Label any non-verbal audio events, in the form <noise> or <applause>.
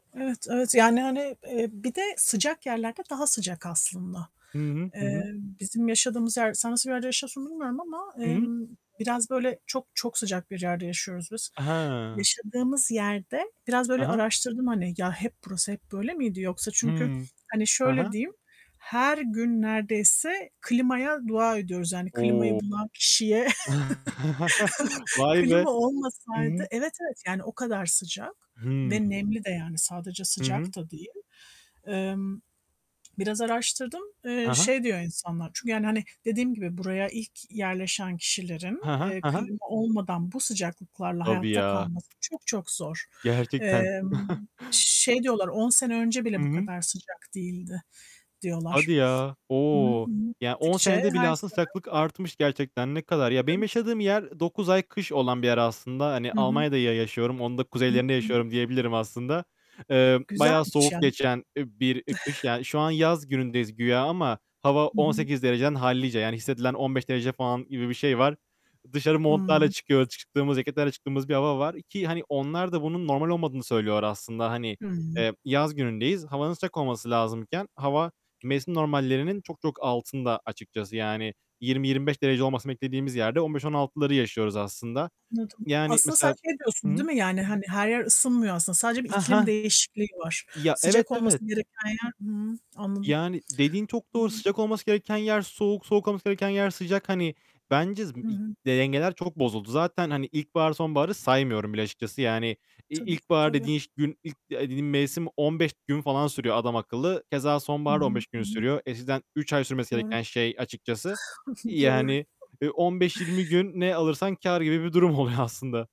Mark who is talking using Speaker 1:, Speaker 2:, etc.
Speaker 1: Evet, evet. Yani, hani, eee, bir de sıcak yerlerde daha sıcak aslında.
Speaker 2: Hı hı.
Speaker 1: Eee,
Speaker 2: Hı hı.
Speaker 1: bizim yaşadığımız yer, sen nasıl bir yerde yaşıyorsun bilmiyorum ama,
Speaker 2: I hı.
Speaker 1: emm, biraz böyle çok çok sıcak bir yerde yaşıyoruz biz.
Speaker 2: Aha.
Speaker 1: Yaşadığımız yerde biraz
Speaker 2: Hı
Speaker 1: böyle
Speaker 2: hı.
Speaker 1: araştırdım, hani, ya, hep burası hep böyle miydi yoksa çünkü
Speaker 2: Hımm.
Speaker 1: hani
Speaker 2: Ha
Speaker 1: şöyle
Speaker 2: ha.
Speaker 1: diyeyim, her gün neredeyse klimaya dua ediyoruz yani klimayı
Speaker 2: O!
Speaker 1: bulan kişiye
Speaker 2: <chuckles>
Speaker 1: <chuckles>
Speaker 2: Vay be!
Speaker 1: klima
Speaker 2: Hı
Speaker 1: olmasaydı,
Speaker 2: hı.
Speaker 1: evet evet yani o kadar sıcak
Speaker 2: Hıı.
Speaker 1: ve nemli de yani sadece
Speaker 2: Hı hı.
Speaker 1: sıcak da değil. Emm. Biraz araştırdım, eee,
Speaker 2: Ha ha.
Speaker 1: şey diyor insanlar. Çünkü yani, hani, dediğim gibi buraya ilk yerleşen kişilerin,
Speaker 2: He he.
Speaker 1: eee,
Speaker 2: He he.
Speaker 1: klima olmadan bu sıcaklıklarla
Speaker 2: Tabii
Speaker 1: hayatta
Speaker 2: ya.
Speaker 1: kalması çok çok zor.
Speaker 2: <tsk> Gerçekten.
Speaker 1: Emm,
Speaker 2: <chuckles>
Speaker 1: şey diyorlar, 10 sene önce
Speaker 2: Hı
Speaker 1: bile bu
Speaker 2: hı.
Speaker 1: kadar sıcak değildi diyorlar.
Speaker 2: Hadi ya.
Speaker 1: Hı hı,
Speaker 2: O,
Speaker 1: hı hı.
Speaker 2: ya 10
Speaker 1: Gittikçe
Speaker 2: senede bile
Speaker 1: her
Speaker 2: aslında
Speaker 1: sene.
Speaker 2: sıcaklık artmış gerçekten, ne kadar. Ya, benim
Speaker 1: Tabii
Speaker 2: yaşadığım
Speaker 1: tabii.
Speaker 2: yer ı 9 ay kış olan bir yer aslında. Hani,
Speaker 1: Hı hı.
Speaker 2: Almanya'da ya yaşıyorum, onun da
Speaker 1: Hı,
Speaker 2: kuzeylerinde
Speaker 1: hı.
Speaker 2: yaşıyorum diyebilirim aslında. Emm, bayağı
Speaker 1: Güzelmiş
Speaker 2: soğuk
Speaker 1: ya.
Speaker 2: geçen, eee, bir kış,
Speaker 1: <giggles>
Speaker 2: yani, şu an yaz günündeyiz güya ama hava
Speaker 1: Hı
Speaker 2: on
Speaker 1: hı.
Speaker 2: sekiz dereceden hallice, yani, hissedilen 15 derece falan gibi bir şey var. Dışarı montlarla
Speaker 1: Hıı.
Speaker 2: çıkıyo çıktığımız, ceketlerle çıktığımız bir hava var ki, hani, onlar da bunun normal olmadığını söylüyorlar aslında. Hani,
Speaker 1: Hıı.
Speaker 2: eee, yaz günündeyiz. Havanın sıcak olması lazımken, hava mevsim normallerinin çok çok altında açıkçası. Yani 20-25 derece olmasını beklediğimiz yerde 15-16'ları yaşıyoruz aslında.
Speaker 1: Anladım.
Speaker 2: Yani,
Speaker 1: Aslında sen
Speaker 2: mesela
Speaker 1: şey
Speaker 2: Hı
Speaker 1: diyorsun
Speaker 2: hı.
Speaker 1: değil mi? Yani, hani, her yer ısınmıyor aslında. Sadece bir
Speaker 2: Hah
Speaker 1: iklim
Speaker 2: hah.
Speaker 1: değişikliği var.
Speaker 2: Ya, evet,
Speaker 1: Sıcak olması
Speaker 2: evet.
Speaker 1: gereken yer, hıı, anladım.
Speaker 2: Yani, dediğin çok
Speaker 1: Hı
Speaker 2: doğru.
Speaker 1: hı.
Speaker 2: Sıcak olması gereken yer soğuk. Soğuk olması gereken yer sıcak. Hani, bence
Speaker 1: Hı
Speaker 2: <unintelligible>
Speaker 1: hı.
Speaker 2: dengeler çok bozuldu. Zaten, hani, ilkbahar, sonbaharı saymıyorum bile açıkçası. Yani, i
Speaker 1: Tabii,
Speaker 2: ilkbahar
Speaker 1: tabii.
Speaker 2: dediğin şe gün, ilk eee, dediğin mevsim 15 gün falan sürüyor adamakıllı. Keza
Speaker 1: Hı
Speaker 2: sonbahar da
Speaker 1: hı.
Speaker 2: 15 gün
Speaker 1: Hı hı.
Speaker 2: sürüyor. Eskiden 3 ay sürmesi
Speaker 1: Doğru.
Speaker 2: gereken şey açıkçası,
Speaker 1: <chuckles> Doğru.
Speaker 2: yani, eee, 15-20 gün ne alırsan kâr gibi bir durum oluyor aslında.